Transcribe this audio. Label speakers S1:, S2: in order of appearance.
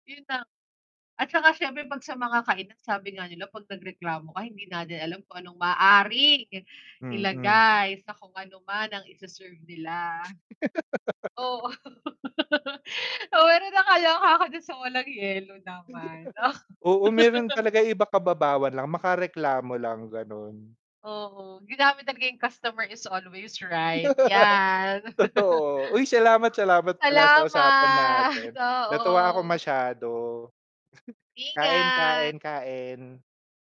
S1: Yun na. At tsaka siyempre 'pag sa mga kainan, sabi nga nila 'pag nagreklamo ka, hindi natin alam kung anong maaaring
S2: Mm.
S1: ilagay sa kung ano man ang ise-serve nila. Oo. Oo, meron nga naloka ako dun sa walang yelo naman. Oh
S2: Oo, meron talaga iba kababawan lang, maka-reklamo lang ganon.
S1: Oo, ginamit talaga yung customer is always right 'yan.
S2: Totoo. Uy, salamat, salamat pala sa usapan natin.
S1: Salamat,
S2: Natuwa ako
S1: oo.
S2: masyado. Kain, kain,
S1: Ingat.
S2: kain.